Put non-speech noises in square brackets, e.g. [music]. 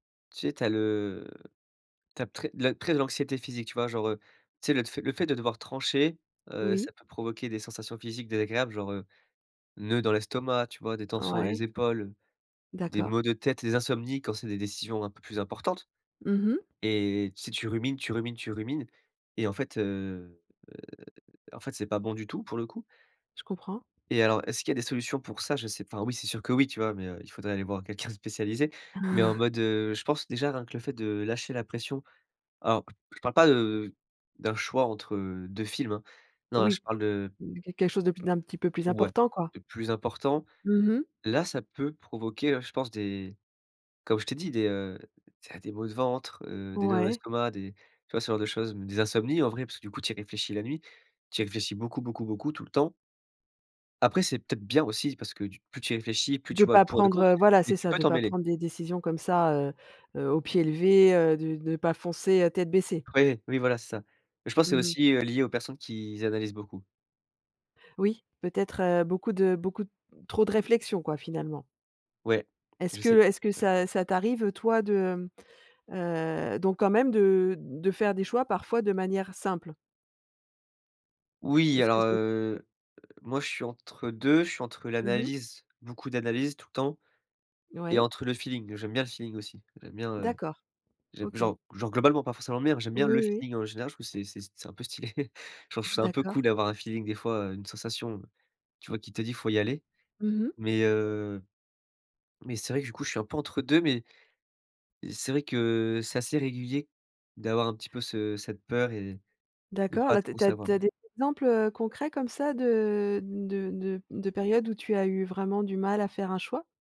Tu sais, tu as le t'as très le trait, de l'anxiété physique, tu vois, genre, heu, tu sais, le tf le fait de devoir trancher, heu, Oui. ça peut provoquer des sensations physiques désagréables, genre, heu, nœuds dans l'estomac, tu vois, des tensions dans Ouais. les épaules, des maux D'accord. de tête, des insomnies quand c'est des décisions un peu plus importantes. Mmh mh. Et, si tu rumines, tu rumines, tu rumines et en fait, heu en fait c 'est pas bon du tout pour le coup. Je comprends. Et alors est-ce qu'il y a des solutions pour ça? Je sais pas, enfin, oui, c'est sûr que oui, tu vois, mais heu, il faudrait aller voir quelqu'un de spécialisé. Mais en Ah. [blows air] mode, heu, je pense déjà rien que le fait de lâcher la pression. Alors, je parle pas de d'un choix entre 2 films hein. Non, là, je Oui, parle de. heu, quelque chose de plus d'un petit peu plus Ouais, important quoi? de plus important. Mmh mh. Là, ça peut provoquer hein, je pense, des comme je t'ai dit, des heu des maux de ventre, heu, des nœuds dans Ouais. l'estomac, des tu vois, ce genre de choses, des insomnies en vrai. Parce que du coup, tu y réfléchis la nuit, tu y réfléchis beaucoup, beaucoup, beaucoup, tout le temps. Après, c'est peut-être bien aussi, parce que tu plus tu y réfléchis, plus tu De vois le pas pour et le prendre, contre, heu, voilà mais c'est tu ça peux de pas t'emmêler. prendre des décisions comme ça, heu heu, au pied levé, heu, de de pas foncer, heu, tête baissée. Ouais, oui, voilà, c'est ça. Mais je pense, Mmh c'est mh. aussi heu, lié aux personnes qui s analysent beaucoup. Oui, peut-être heu, beaucoup de beaucoup trop de réflexion quoi, finalement? Ouais, Est-ce je que sais, est-ce que ouais. ça ça t'arrive, heu, toi de heu donc quand même de de faire des choix parfois de manière simple? Oui, Est-ce que. alors [unintelligible] heu, moi je suis entre 2 je suis entre Mmh mh. l'analyse, beaucoup d'analyses tout le temps et Oui. entre le feeling. J'aime bien le feeling aussi. J'aime bien, heu D'accord j'aime OK. genre genre globalement pas forcément le miens mais j'aime bien Oui, le oui. feeling en général, je trouve c'est c'est c'est un peu stylé. [chuckles] Genre je trouve ça un peu D'accord. cool d'avoir un feeling des fois, heu, une sensation, tu vois qui te dit: «il faut y aller.» Mmh mh. Mais heu mais c'est vrai que du coup je suis un peu entre 2. Mais c'est vrai que c'est assez régulier d'avoir un petit peu ce cette peur et de D'accord, pas là tu as trop tu as savoir. tu as des exemples, heu, concrets comme ça de de de de périodes où tu as eu vraiment du mal à faire un choix?